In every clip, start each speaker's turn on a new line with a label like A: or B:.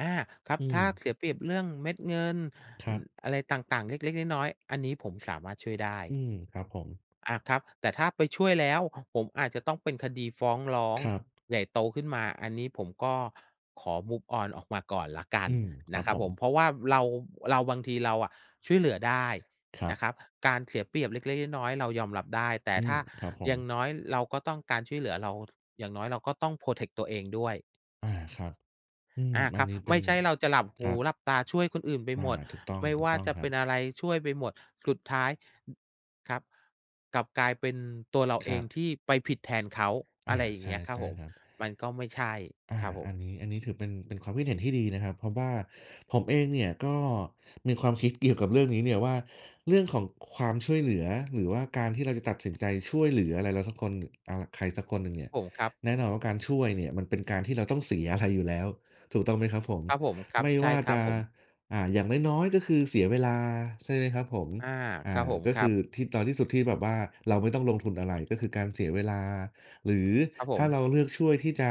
A: อา ครั
B: อ
A: บ
B: ื
A: ถ้า
B: ม
A: เสียเปรียบเรื่องเม็ดเงิน
B: คร
A: อ
B: ับ
A: อะไรต่าง ๆ เล็ก ๆ น้อย ๆ อันนี้ผมสามารถช่วยได้
B: อืม ครับผม
A: อา ครับ แต่ถ้าไปช่วยแล้ว ห ผมอาจจะต้องเป็นคดีฟ้องร้อง
B: ครับ
A: ใหญ่โตขึ้นมา อันนี้ผมก็ขอ move on ออกมาก่อนแล้วกั
B: อื
A: น
B: ม ค
A: น
B: รั
A: ะ
B: บ
A: ครั
B: ผ
A: บผม
B: ม
A: เพราะว่าเรา เรา บางทีเราอะช่วยเหลือได้
B: ครั
A: น
B: บ
A: ะครับ การเสียเปรียบเล็ก ๆ น้อย ๆ เรายอมรับได้ แต่
B: อื
A: ถ
B: ม
A: ้า
B: ครับผ
A: อย
B: ม
A: ่างน้อยเราก็ต้องการช่วยเหลือ เรา ท อย่างน้อยเราก็ต้อง protect ตัวเองด้วย
B: อา ครับ อืม
A: อา
B: อ
A: ค
B: ั
A: ร
B: น
A: ับ
B: นี้เป
A: ไ
B: ็
A: ม่
B: น
A: ใช่เราจะหลับห
B: คร
A: ู
B: ับ
A: หลับตาช่วยคนอื่นไป
B: อ
A: ห
B: า
A: มด
B: ถูกต้อง
A: ไม่
B: ถู
A: ว
B: ก
A: ่า
B: ต้อง
A: จะ
B: คร
A: เป
B: ั
A: ็น
B: บ
A: อะไรช่วยไปหมด สุดท้าย ครับ กลับกลายเป็นตัวเรา
B: ค
A: เอ
B: รั
A: ง
B: บ
A: ที่ไปผิดแทนเขา
B: อ
A: อะ
B: า
A: ไรอย่
B: ใ
A: า
B: ช
A: งเง
B: ่
A: ี้ยครั
B: ใช
A: บ
B: ่
A: ผม
B: ครับ
A: มันก็ไม่ใช่
B: อา
A: ครับผ
B: อั
A: ม
B: นนี้ อันนี้ถือเป็น เป็นความคิดเห็นที่ดีนะครับ เพราะว่าผมเองเนี่ยก็มีความคิดเกี่ยวกับเรื่องนี้เนี่ยว่า เรื่องของความช่วยเหลือหรือว่าการที่เราจะตัดสินใจช่วยเหลืออะไรเราสักคน อ่า ใครสักคนหนึ่งเนี่ย
A: ผม ครับ
B: แน่นอนว่าการช่วยเนี่ย มันเป็นการที่เราต้องเสียอะไรอยู่แล้ว ถูกต้องไหมครับผม
A: ครับผม ครั
B: ไม
A: บ
B: ่
A: ใช
B: ว
A: ่
B: ่า
A: คร
B: จ
A: ับ
B: ะ
A: ผม
B: อ่า อย่างน้อย ๆ ก็คือเสียเวลาใช่ไหมครับผม
A: อา
B: อ
A: ค
B: ่
A: รับ
B: า
A: ผม
B: ก็
A: ค
B: ค
A: รั
B: ื
A: บ
B: อที่ ตอนที่สุดที่แบบว่าเราไม่ต้องลงทุนอะไร ก็คือการเสียเวลา หรือ
A: ครับผ
B: ถ้าเ
A: ม
B: ราเลือกช่วยที่จะ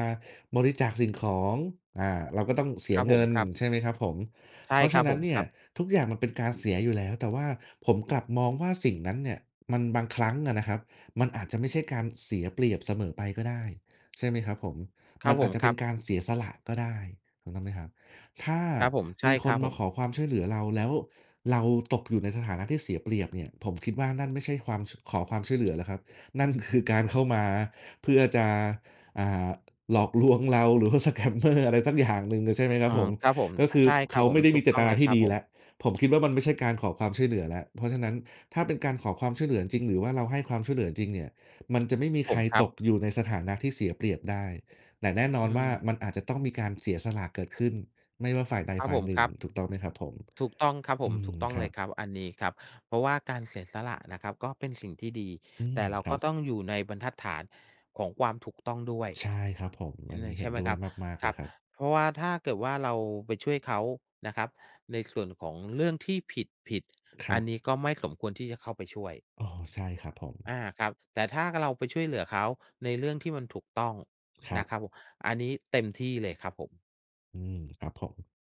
B: บริจาคสิ่งของ อ่า เราก็ต้องเส
A: ค
B: ี
A: ร
B: ย
A: ับ
B: เ
A: ผ
B: ง
A: ม
B: ิน
A: ครับ
B: ใช่ไหมครับผม
A: ใช่
B: เพราะ
A: ค
B: ฉ
A: ร
B: ะ
A: ับ
B: นั
A: ผ
B: ้น
A: ม
B: เนี
A: ค
B: ่
A: ร
B: ย
A: ับ
B: ทุกอย่างมันเป็นการเสียอยู่แล้ว แต่ว่าผมกลับมองว่าสิ่งนั้นเนี่ย มัน บางครั้งอะนะครับ มันอาจจะไม่ใช่การเสียเปรียบเสมอไปก็ได้ ใช่ไหมครับผม
A: คร
B: ม
A: ั
B: ั
A: บ
B: น
A: ผ
B: อาจ
A: ม
B: จะ
A: ค
B: เป
A: ร
B: ็
A: ั
B: น
A: บ
B: การเสียสละก็ได้ถูกต้องไหมครับ ถ้า
A: ครับผม ใช
B: ม
A: ่
B: ีค
A: ครั
B: น
A: บ
B: ม
A: ผ
B: าข
A: ม
B: อความช่วยเหลือเรา แล้วเราตกอยู่ในสถานะที่เสียเปรียบเนี่ย ผมคิดว่านั่นไม่ใช่ความ ช ขอความช่วยเหลือแล้วครับ นั่นคือการเข้ามาเพื่อจะ อ่า หลอกลวงเรา หรือว่า สแกมเมอร์ อะไรสักอย่างหนึ่ง เลยใช่ไหมคร
A: เอ
B: ั
A: อ
B: บผม
A: ครับผม
B: ก็คือ
A: ใช่คร
B: เข
A: ับ
B: า
A: ผ
B: ไ
A: ม
B: ม่ได้
A: ถ
B: ม
A: ู
B: ี
A: ก
B: เจ
A: ต้
B: ต
A: อง
B: น
A: เ
B: า
A: ลย
B: ที
A: ค
B: ่
A: รับ
B: ดีอย
A: ผ
B: ู่
A: ม
B: แล้ว ผมคิดว่ามันไม่ใช่การขอความช่วยเหลือแล้ว เพราะฉะนั้นถ้าเป็นการขอความช่วยเหลือจริง ๆ หรือว่าเราให้ความช่วยเหลือจริง ๆ เนี่ย มันจะไม่มี
A: ผ
B: ใคร
A: มครั
B: ต
A: บ
B: กอยู่ในสถานะที่เสียเปรียบได้ แต่แน่นอ
A: อื
B: นว่ามัน
A: ม
B: อาจจะต้องมีการเสียสละเกิดขึ้น ไม่ว่าฝ่ายใด
A: ครับ
B: ฝ่า
A: ผ
B: ย
A: ม
B: หนึ
A: ค
B: ่ง
A: รับ
B: ถูกต้องไหมครับผม?
A: ถูกต้องครับผ
B: อ
A: ม
B: ื
A: ถู
B: ม
A: กต้อง
B: คร
A: เล
B: ั
A: ย
B: บ
A: ครับ อันนี้ครับ เพราะว่าการเสียสละนะครับก็เป็นสิ่งที่ดี
B: อื
A: แต
B: ม
A: ่เรา
B: คร
A: ก
B: ั
A: ็
B: บ
A: ต้องอยู่ในบรรทัดฐานของความถูกต้องด้วย
B: ใช่ครับผม
A: อ
B: อ
A: ื
B: ัน
A: ม
B: นี้เ
A: ใช
B: ห็
A: ่
B: น
A: ไหม
B: ด้ว
A: คร
B: ย
A: ับ
B: มาก ๆ
A: ค
B: เ
A: ร
B: ล
A: ั
B: ย
A: บ
B: ครับ
A: เพราะว่าถ้าเกิดว่าเราไปช่วยเขานะครับในส่วนของเรื่องที่ผิด
B: ค
A: ๆ อ
B: รั
A: ันน
B: บ
A: ี้ก็ไม่สมควรที่จะเข้าไปช่วย
B: อ้อ ใช่ครับผ
A: อ
B: ม
A: า ครับ แต่ถ้าเราไปช่วยเหลือเขาในเรื่องที่มันถูกต้อง
B: คร
A: น
B: ั
A: ะ
B: บ
A: ครับผม อันนี้เต็มที่เลยครับผม
B: อืม ครับผม